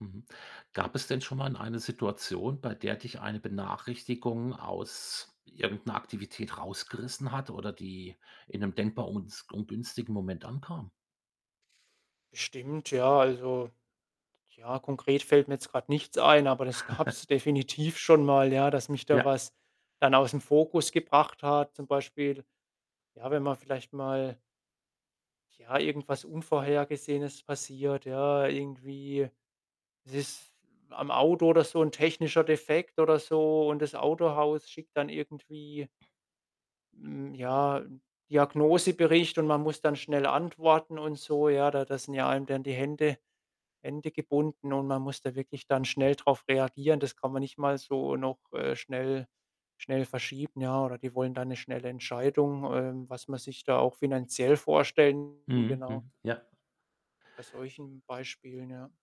Mhm. Gab es denn schon mal in eine Situation, bei der dich eine Benachrichtigung aus irgendeiner Aktivität rausgerissen hat oder die in 'nem denkbar uns ungünstigen Moment ankam? Bestimmt, ja, also ja, konkret fällt mir jetzt grad nichts ein, aber das gab's definitiv schon mal, ja, dass mich da Ja. was dann aus'm Fokus gebracht hat. Zum Beispiel, ja, wenn man vielleicht mal ja, irgendwas Unvorhergesehenes passiert, ja, irgendwie es ist am Auto oder so 'n technischer Defekt oder so und das Autohaus schickt dann irgendwie mm, ja, 'n Diagnosebericht und man muss dann schnell antworten und so, ja? Da da sind ja einem dann die Hände Hände gebunden und man muss da wirklich dann schnell drauf reagieren. Das kann man nicht mal so noch, äh, schnell schnell verschieben, ja, oder die wollen dann 'ne schnelle Entscheidung, ähm, was man sich da auch finanziell vorstellen, Mhm, genau. hm, ja. Bei solchen Beispielen, ja.